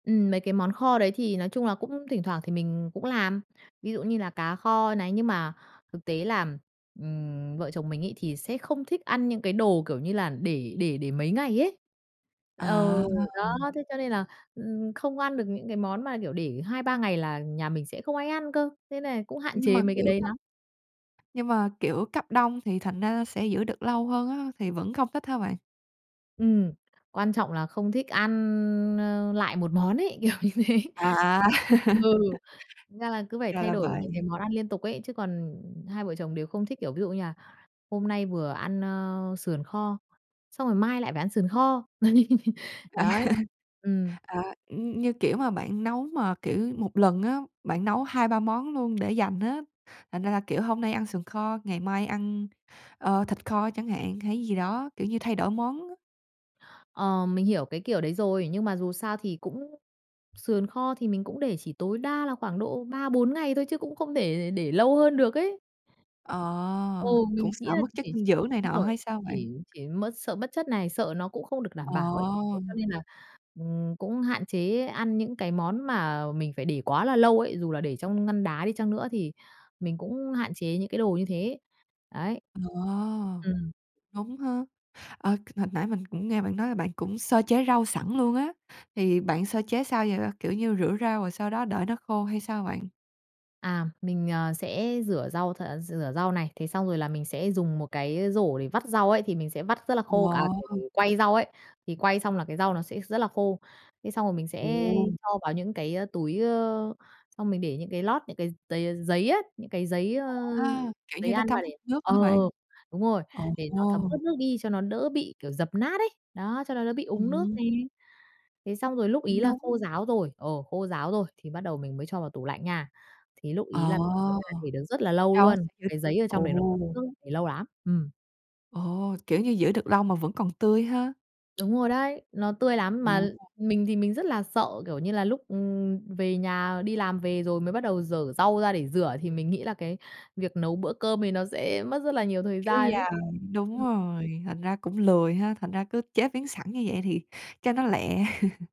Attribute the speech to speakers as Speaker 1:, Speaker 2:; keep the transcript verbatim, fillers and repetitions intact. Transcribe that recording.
Speaker 1: Ừm, mấy cái món kho đấy thì nói chung là cũng thỉnh thoảng thì mình cũng làm, ví dụ như là cá kho này. Nhưng mà thực tế là, ừm, vợ chồng mình ấy thì sẽ không thích ăn những cái đồ, kiểu như là, để để để mấy ngày ấy, ờ,
Speaker 2: À.
Speaker 1: đó, thế cho nên là, ừm, không ăn được những cái món mà, kiểu, để hai ba ngày là nhà mình sẽ không ai ăn cơ. Thế nên cũng hạn
Speaker 2: Nhưng
Speaker 1: chế
Speaker 2: mà,
Speaker 1: mấy cái
Speaker 2: kiểu,
Speaker 1: đấy
Speaker 2: cấp
Speaker 1: lắm.
Speaker 2: Nhưng mà, kiểu, cấp đông thì thành ra sẽ giữ được lâu hơn á, thì vẫn không thích hả bạn?
Speaker 1: Ừm, quan trọng là không thích ăn, ơ, lại một món ấy, kiểu như thế.
Speaker 2: À.
Speaker 1: Ừ, ra là cứ phải
Speaker 2: Ra
Speaker 1: thay
Speaker 2: là
Speaker 1: đổi
Speaker 2: vậy.
Speaker 1: những cái món ăn liên tục ấy, chứ còn, ừm, hai vợ chồng đều không thích, kiểu, ví dụ như là hôm nay vừa ăn, ơ, sườn kho, xong rồi mai lại phải ăn sườn kho.
Speaker 2: À.
Speaker 1: Đấy, ừm.
Speaker 2: À, ưm, như, kiểu, mà bạn nấu mà, kiểu, một lần á, bạn nấu hai ba món luôn để dành á, thành ra là, kiểu, hôm nay ăn sườn kho, ngày mai ăn, ờ, thịt kho chẳng hạn, hay gì đó, kiểu như, thay đổi món.
Speaker 1: Ờ, mình hiểu cái kiểu đấy rồi. Nhưng mà dù sao thì cũng sườn kho thì mình cũng để chỉ tối đa là khoảng độ ba bốn ngày thôi, chứ cũng không để để lâu hơn được ấy. Ừ,
Speaker 2: Ờ, cũng
Speaker 1: mình nghĩ
Speaker 2: sợ
Speaker 1: là
Speaker 2: mất chất
Speaker 1: chỉ
Speaker 2: dinh dưỡng này
Speaker 1: đúng
Speaker 2: nọ
Speaker 1: rồi,
Speaker 2: hay sao bạn?
Speaker 1: chỉ chỉ mất sợ mất chất này, sợ nó cũng không được đảm
Speaker 2: Ờ.
Speaker 1: bảo ấy. Thế cho nên là, ừm, cũng hạn chế ăn những cái món mà mình phải để quá là lâu ấy, dù là để trong ngăn đá đi chăng nữa thì mình cũng hạn chế những cái đồ như thế, đấy.
Speaker 2: Ờ.
Speaker 1: Ừm.
Speaker 2: Đúng ha. Ờ, hồi nãy mình cũng nghe bạn nói là bạn cũng sơ chế rau sẵn luôn á, thì bạn sơ chế sao vậy? Kiểu như, rửa rau rồi sau đó đợi nó khô hay sao bạn?
Speaker 1: À, mình, ờ, sẽ rửa rau th rửa rau này, thế xong rồi là mình sẽ dùng một cái rổ để vắt rau ấy thì mình sẽ vắt rất là khô, à,
Speaker 2: Ồ.
Speaker 1: kiểu, quay rau ấy, thì quay xong là cái rau nó sẽ rất là khô. Thế xong rồi mình sẽ
Speaker 2: Ồ.
Speaker 1: cho vào những cái, a, túi, ơ, xong mình để những cái lót, những cái gi giây, ơ, giấy á, những cái giấy, ơ,
Speaker 2: À, kiểu
Speaker 1: giấy
Speaker 2: như, nó
Speaker 1: ăn mà
Speaker 2: thấm hút
Speaker 1: để
Speaker 2: nước
Speaker 1: ờ,
Speaker 2: hả bạn?
Speaker 1: ờ, đúng rồi,
Speaker 2: Ồ.
Speaker 1: để nó thấm ướt nước đi cho nó đỡ bị, kiểu, dập nát ấy, đó, cho nó đỡ bị úng nước
Speaker 2: Ừm.
Speaker 1: nè. Thế xong rồi lúc
Speaker 2: Cũng
Speaker 1: ấy là
Speaker 2: đúng.
Speaker 1: khô ráo rồi, ờ, khô ráo rồi, thì bắt đầu mình mới cho vào tủ lạnh nha, thì lúc ấy
Speaker 2: Ờ.
Speaker 1: là mình thấy là để được rất là lâu
Speaker 2: Cho
Speaker 1: luôn, cái
Speaker 2: [unintelligible]
Speaker 1: giấy ở trong
Speaker 2: ồ.
Speaker 1: đấy nó [unintelligible] để lâu lắm, ừm.
Speaker 2: Ồ, kiểu như, giữ được lâu mà vẫn còn tươi ha?
Speaker 1: Đúng rồi đấy, nó tươi lắm mà l
Speaker 2: Ồ.
Speaker 1: mình thì mình rất là sợ, kiểu như là, lúc, ừm, về nhà đi làm về rồi mới bắt đầu giở rau ra để rửa thì mình nghĩ là cái việc nấu bữa cơm thì nó sẽ mất rất là nhiều thời
Speaker 2: Kéo
Speaker 1: gian ấy.
Speaker 2: dài, đúng
Speaker 1: Ừm.
Speaker 2: rồi, thành ra cũng lười ha, thành ra cứ chế biến sẵn như vậy thì cho nó lẹ.